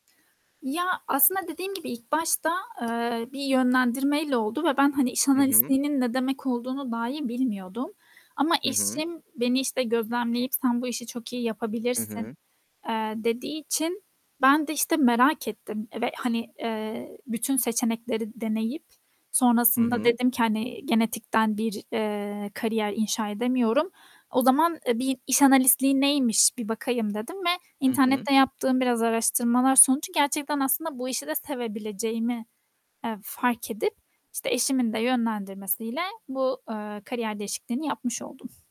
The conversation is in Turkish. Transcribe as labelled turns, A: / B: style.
A: Ya aslında dediğim gibi ilk başta eee, bir yönlendirmeyle oldu ve ben hani iş
B: Hı hı.
A: analistliğinin ne demek olduğunu dahi bilmiyordum ama
B: Hı hı.
A: eşim beni, işte, gözlemleyip "Sen bu işi çok iyi
B: Hı
A: yapabilirsin."
B: hı.
A: eee, dediği için ben de, işte, merak ettim ve, hani, eee, bütün seçenekleri deneyip
B: Hı
A: sonrasında
B: hı.
A: dedim ki hani genetikten bir, eee, kariyer inşa edemiyorum. O zaman, eee, bir iş analistliği neymiş bir bakayım dedim ve
B: Hı hı.
A: internette yaptığım biraz araştırmalar sonucu gerçekten aslında bu işi de sevebileceğimi, eee, fark edip, işte, eşimin de yönlendirmesiyle bu, eee, kariyer değişikliğini yapmış oldum.